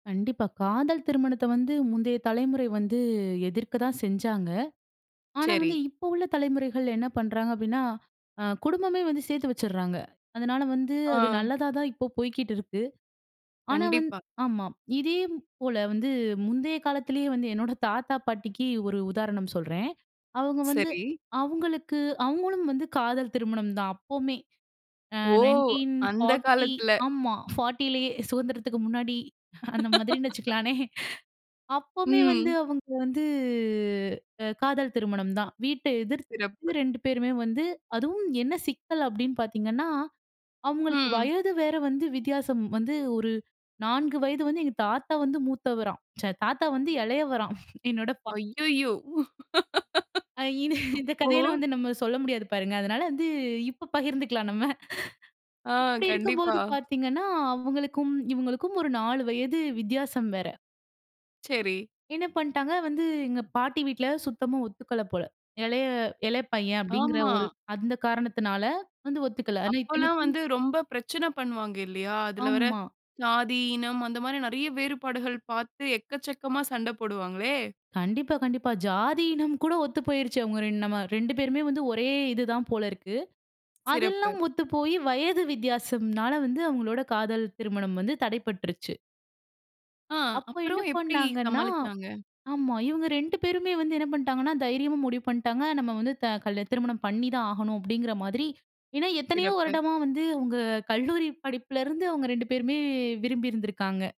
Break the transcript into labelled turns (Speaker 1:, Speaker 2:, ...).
Speaker 1: கண்டிப்பா. காதல் திருமணத்த வந்து முந்தைய தலைமுறை வந்து எதிர்க்க தான் செஞ்சாங்க. ஆனா,
Speaker 2: சரி.
Speaker 1: வந்து இப்போ உள்ள தலைமுறைகள் என்ன பண்றாங்க அப்டின்னா, அ குடும்பமே வந்து சேத்து வச்சிட்றாங்க. அதனால வந்து அது
Speaker 2: ஆ.
Speaker 1: நல்லதா தான் இப்ப போய்க்கிட்டு இருக்கு. ஆனா வந்
Speaker 2: கண்டிப்பா.
Speaker 1: ஆமா. இதேபோல வந்து முந்தைய காலத்திலேயே வந்து என்னோட தாத்தா பாட்டிக்கு ஒரு உதாரணம் சொல்றேன். அவுங்க வந்து
Speaker 2: சரி.
Speaker 1: அவுங்களுக்கு அவுங்களும் வந்து காதல் திருமணம் தான் அப்போமே. அ
Speaker 2: ஓ!
Speaker 1: நைன்டீன்
Speaker 2: அந்தக்
Speaker 1: ஃபார்ட்டி
Speaker 2: காலத்துல.
Speaker 1: ஆமா. 40 சுதந்திரத்துக்கு முன்னாடி அந்த மாதிரின்னு வச்சுக்கலானே. அப்போமே வந்து
Speaker 2: ம்.
Speaker 1: அவங்க வந்து அ காதல் திருமணம் தான். வீட்ட எதிர்த்து
Speaker 2: சிறப்பு.
Speaker 1: 2 பேருமே வந்து அதுவும் என்ன சிக்கல் அப்டினு பார்த்தீங்கன்னா, அவங்களுக்கு
Speaker 2: ம்.
Speaker 1: வயது வேற வந்து வித்தியாசம் வந்து, ஒரு 4 வயது வந்து எங்க தாத்தா வந்து மூத்தவராம். ச்சே தாத்தா வந்து இளையவராம் என்னோட பா
Speaker 2: அய்யயோ.
Speaker 1: அ இந் இந்த
Speaker 2: ஓ!
Speaker 1: கதையெல்லாம் வந்து நம்ம சொல்ல முடியாது பாருங்க. அதனால வந்து இப்போ பகிர்ந்துக்கலாம் நம்ம.
Speaker 2: ஆ,
Speaker 1: இப்டி
Speaker 2: கண்டிப்பா.
Speaker 1: இருக்கும்போது பார்த்தீங்கனா அவங்களுக்கும் இவங்களுக்கும் ஒரு 4 வயது வித்தியாசம் வேற.
Speaker 2: சரி.
Speaker 1: என்ன பண்ட்டாங்க வந்து எங்க பாட்டி வீட்ல சுத்தமா ஒத்துக்கல போல. இளைய இளைய பையன் அப்படிங்கிற
Speaker 2: ஆமா.
Speaker 1: ஒரு அந்த காரணத்தினால வந்து ஒத்துக்கல ஆனா
Speaker 2: அப்பல்லாம்
Speaker 1: இத்தனைக்கும்
Speaker 2: வந்து ரொம்ப பிரச்சன பண்ணுவாங்கில்லையா? அதில வர
Speaker 1: ஆமா.
Speaker 2: ஜாதி, இனம் அந்த மாதிரி நெறைய வேறுபாடுகள் பார்த்து எக்கச்சக்கமா சண்ட போடுவாங்களே!
Speaker 1: கண்டிப்பா, கண்டிப்பா. ஜாதி, இனம் கூட ஒத்துப் போய்ருச்சு. அவங்க ரெண் நம 2 பேருமே வந்து ஒரே இது தான் போலருக்கு.
Speaker 2: சிறப்பு.
Speaker 1: அதெல்லாம் ஒத்துப்போய் வயது வித்தியாசம்னால வந்து அவங்களோட காதல் திருமணம் வந்து தடைப்பட்டுருச்சு.
Speaker 2: ஆ.
Speaker 1: அப்போ என்ன
Speaker 2: அப்புறம் எப்படி
Speaker 1: பண்ணாங்கன்னா,
Speaker 2: சமாளிச்சாங்க?
Speaker 1: ஆமா இவங்க 2 பேருமே வந்து என்ன பண்டாங்கன்னா தைரியமா முடிவு பண்ட்டாங்க. நம்ம வந்து த கல் திருமணம் பண்ணி தான் ஆகணும் அப்டின்கிற மாதிரி. ஏன்னா எத்தனையோ
Speaker 2: சிறப்பு.
Speaker 1: வருடமா வந்து அவங்க கல்லூரி படிப்பிலருந்து அவங்க 2 பேருமே விரும்பிருந்திருக்காங்க.